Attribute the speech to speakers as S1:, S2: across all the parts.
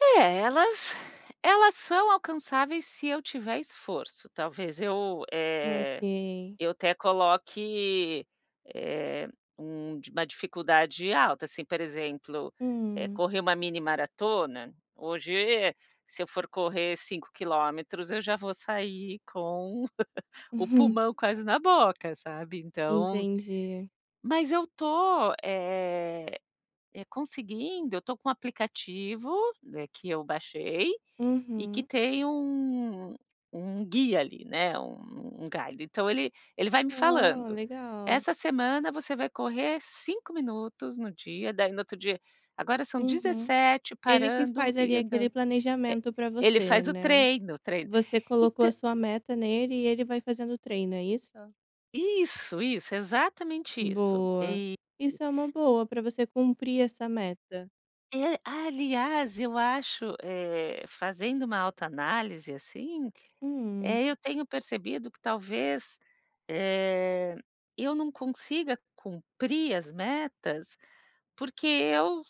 S1: É, elas elas são alcançáveis se eu tiver esforço, talvez eu, eh,
S2: Ok.
S1: eu até coloque, eh, um di uma dificuldade alta, assim, por exemplo,
S2: Hum.
S1: correr uma mini maratona, hoje se eu for correr 5km, eu já vou sair com o
S2: Uhum.
S1: pulmão quase na boca, sabe, então
S2: Entendi.
S1: Mas eu estou, eh eh, conseguindo, eu estou com um aplicativo, que eu baixei, e que
S2: Uhum.
S1: tem um um guia ali, né, um um galho, então ele ele vai me
S2: Ah
S1: falando,
S2: legal.
S1: essa semana, você vai correr 5 minutos no dia, daí no outro dia, agora são
S2: Uhum.
S1: 17
S2: Ele que
S1: parando
S2: faz ali,
S1: e
S2: aquele
S1: andando. Eh,
S2: planejamento, pra
S1: ele
S2: você,
S1: faz o
S2: né,
S1: treino, o treino
S2: você
S1: e
S2: colocou a
S1: ta
S2: sua meta nele, e ele vai fazendo treino, é isso?
S1: Isso, isso exatamente isso
S2: Boa.
S1: e e
S2: Isso é uma boa, pra você cumprir essa meta.
S1: É aliás, eu acho, eh, fazendo uma autoanálise, assim,
S2: Hum.
S1: eu tenho percebido, que talvez, eh, eu não consiga, cumprir as metas, porque eu,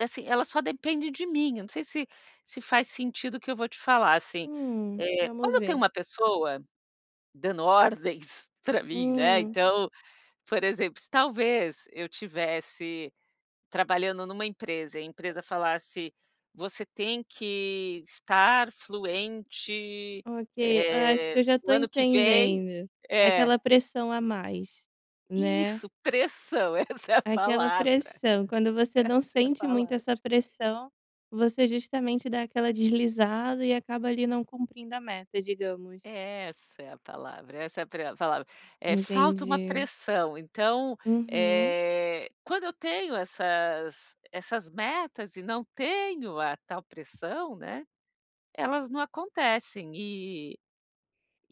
S1: assim, elas só dependem de mim, não sei, se se faz sentido, o que eu vou te falar, assim,
S2: Hum,
S1: eh, quando
S2: vamos
S1: eu tenho
S2: ver.
S1: uma pessoa, dando ordens pra mim, né,
S2: Hum.
S1: então, por exemplo, se talvez, eu tivesse trabalhando, numa empresa e a empresa falasse, você tem que estar fluente,
S2: Ok, eu acho
S1: eh,
S2: que, eu já estou
S1: no ano que vem,
S2: entendendo.
S1: eh
S2: Aquela pressão a mais, né?
S1: Isso, pressão, essa é a
S2: Aquela
S1: palavra,
S2: pressão, quando você, não
S1: essa é a
S2: sente muito
S1: palavra.
S2: essa pressão, você justamente, dá aquela deslizada, e acaba ali, não cumprindo a meta, digamos.
S1: Essa é a palavra, essa é a pre a palavra. Eh, falta uma
S2: Entendi.
S1: pressão, então,
S2: Uhum.
S1: eh, quando eu tenho essas essas metas e não tenho a tal pressão, né, elas não acontecem e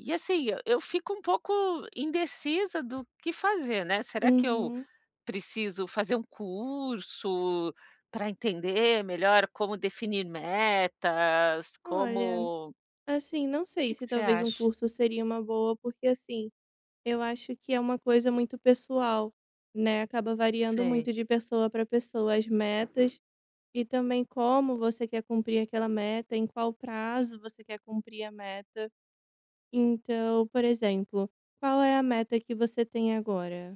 S1: e, assim, eu fico um pouco indecisa, do que fazer, né, será que eu
S2: Uhum.
S1: preciso, fazer um curso, pra entender melhor como definir metas,
S2: Olha,
S1: como
S2: assim, não
S1: O
S2: sei
S1: que que
S2: se
S1: você
S2: talvez, um
S1: acha?
S2: curso seria uma boa, porque, assim, eu acho, que é uma coisa muito pessoal, né, acaba variando
S1: Sei.
S2: muito de pessoa pra pessoa. As metas, e também, como você quer cumprir aquela meta, em qual prazo você quer cumprir a meta. Então, por exemplo, qual é a meta, que você tem agora?